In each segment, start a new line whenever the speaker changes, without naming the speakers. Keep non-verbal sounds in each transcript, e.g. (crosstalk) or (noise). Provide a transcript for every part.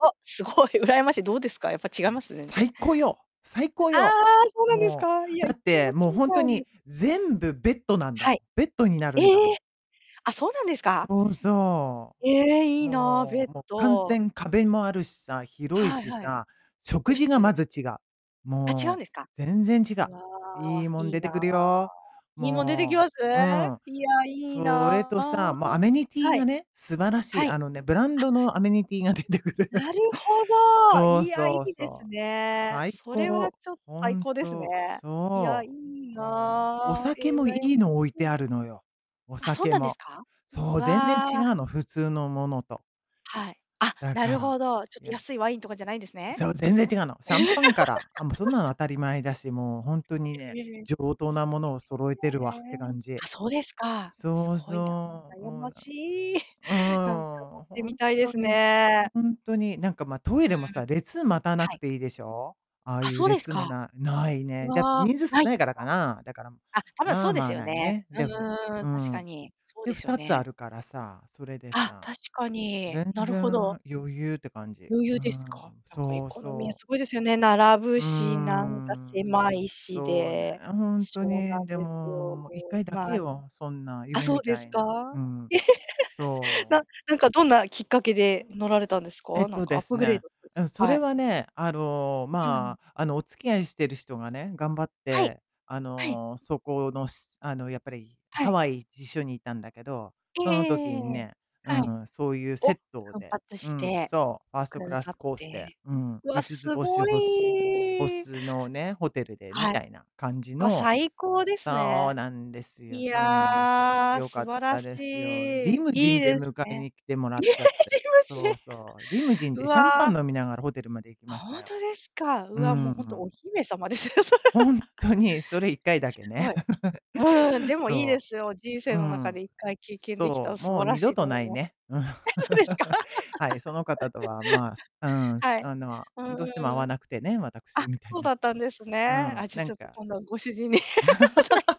お、すごい羨ましい。どうですか？やっぱ違い
も、
ます？全然。
最高よ！最高
ああ、
よ！
そうなんです
も
か、いや、
う、
い
だ
っ
っ
かい乗
て、
って
もう、
みた
ほんと
い、ぬ。
に、全部ベッドなんだ
は
も
い。
ん。ベッドにな
え
るん
え！
だもん。
あ、そうなんですか？
そうそ
ええ、い
う。
いな、ベ
も
ッ
うも、完
ド。
全、壁もあるしさ、広い
はい
し
はい。
さ、
個
食事がま
室。
ず違う。
あ、違うん
も
ですか？
う、全然違う。
うわ
いい
あ、
もん
いい
出
な
て
あ。
くるよ。
いいもん出てきま
も
す？
う、うん。
いや、いい
それ
な
と
あ。
さ、もうアメニティ
は
が
い。
ね、素晴らし
は
い。
い。
あのね、ブラン
あ。
ドのアメニティが出てくる。
なるほど、
そう
いや、い
そう
いです
そう。
ね。
最
それは
高。
ちょ
ほ
最
ん
高ですね。
と。
いや、い
そ
い
う。もう、お
な、え
酒
え、羨
もいい
ま
の置い
し
て
い。
あるのよ。お
あ、そう
酒
なんです
も。
か？
そ
う
う、全然
わ。
違うの、普通のものと。
はい。あ、
だ
な
か
る
ら、
ほど。ちょっ
い
と
や
安いワインとかじゃないんですね。
そう、全然違うの。シャンパンから。あ、もうそんなの当た
(laughs)
り前だし、もうほんと
えええ。
にね、
(unintelligible)
上等なものを揃えて
は
るわって
ね。
感じ。
あ、そうですか。す
そう
ごいな。
そう、
羨
もう、
ま
な
しい。
うー
なんか、
ん、
乗っ
よ、
て
ほ
み
ん
たいで
と
す
に、
ね。
ほんとに。なんか、ま、トイレも
うー
さ、
ん。
列待たな
は
く
い。
ていいでしょ。ああ
あ、
ゆう
そうです
列も
か。
なない
う
ね。だって
わ、
人数少
ない
ない
です
からか
か？
な。だから、
あ、多分
ま
そ
あ
うで
ま
す
あ、
よ
ない
ね。
ね。
う
で、
ん
ほ
うんうんうん、確
んう
か
ん。
に。そう
で、
で
ふ
すよ
たつあ
ね。
るからさ、それで
あ、
さ、
確かに、
全
なるほど。
然余裕って感じ。
余
う
裕です
ん、
か？なんかエ
そう
コノミー
そう。
凄いですよね、並ぶ
うー
し、なんか
ん、
狭いし
そうね、
で。
ほんと
そうなん
に。で
ですよ。も
も、も、1回
う、
だ
ま
け
あ、いん
よ、そんな
あ、
夢
そう
み
で
た
す
い
か？
な。うん。
(laughs)
そ
な
う。
なんかどんなきっかけで乗られたんです
えっ
か？なん
と
かア
で
ッ
す
プグレー
ね。
ドです
う
か？
ん、そ
は
れ
い。
はね、あの、
うんうん。
まあ、あの、お付き合いしてる人がね、頑張っ
はい。
て、あ
はい。
の、そこの、すあの、やっぱり、
は
ハ
い。
ワイ、一緒に行ったんだけど、
ええええ
その時
ええ
に
ええ、
ね、う
はい。
んうん、そうゆうセ
お、
ット
奮
で。
発
う
し
ん、
て
そう、ファース
く
トク
だ
ラ
さ
ス
っ
コースで、
て。
うん、
わあ、
いつつ
す
ぼし
ご
ほすほ
い。
すのね、ホテルで、み
はい。
たいな感じ
わ、
の
最高です
そう
ね。
なんですよ、
い
そう
や
なんですよ。
あ、
良か
素
っ
晴ら
た
し
ですよ。
い。
リムジ
い
ン
い
で
です
迎え
ね。
に来てもら
い
っ
ええ、
ちゃっ
で
て。
きますしね。
そうそう、リムジン
う
でシャンパン
わ。
飲みながらホテルまで行き
あ、
まし
ほ
た
ん
よ。
とですか？う
うー
わ、も
ん、
う、
う
ほんと、お
ん。
姫様ですよ、それ
ほん
は。(laughs)
とに、それ、1回だけ
すご
ね。
い。
(chuckles)
うんうん、でもいいで
そ
すよ、人
う。
生
う
の中
ん。
で1回経験できたら
そう、
素
もう
晴ら
二
し
度
いと
と
思
な
い
い
ます。
ね、うん。
あ、そうですか。
(chuckles)
(laughs)
はい、その方とは、まあ、うん、す
はい。
あの、
うん
どうしても合
う
わ
ん。
なくてね、私
あ、
みたい
そう
な。
だったんです
う
ね。あ、
ん、
じゃ、
な
ち
ん
ょっと、
か。
今度はご主人に (unintelligible)
(laughs)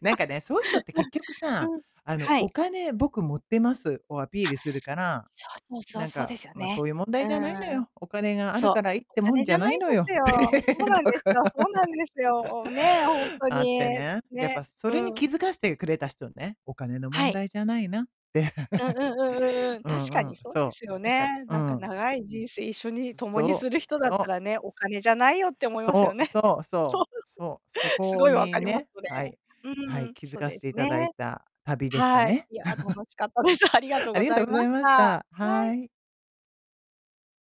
なんかね、そうゆ人って結 局
あ、
さあ、
うん、
あの、
はい。
お金、僕、持ってますをアピー
あ、
ルするから、
そうそうそう、
なん
そうで
か、
すよ
ま、
ね。
そうゆう問
う
題
ー
じゃないの
ん。
よ。お金がある
そう。
からいいっ
お
てもん
金
じ
じ
ゃ
ゃ
な
ない
い
で
のよ、
す
み
よ。
たい
そうな
と
んで
こ
す
ろ
よ、そ
が
うなんですよ、お、ねえ、ほんと
あって
に、
ね、やっ
ね。
ぱそれに
うん。
気づかしてくれた人ね、お金の
は
問
い。
題じゃないなって。
うううんうんう
(chuckles)
ん。
う
確
ん
か
う
に
ん、
そうで
そう、
すよ
なんか
ね。
う
なんか
ん。
長い人生一緒に共に
そ
する
う、
人だっ
そ
た
う。
らね、お金じゃないよって思いますよ
そう
ね。
そう
(chuckles) そ
そ
う。
う、そう、そ
すご
こ
い分
に
かります、
ね、
それ。
はい、
う
は
んう
い、
ん、
気づ
そ、
か
で
せ
す
て頂
ね。
いた旅でした
はい、
ね。
いやあ、楽
(chuckles)
しかったです。ありがとう
あ
ご
りが
ざ
と
い
うござ
ま
い
し
ま
た。
し
は
た。
い。
はい。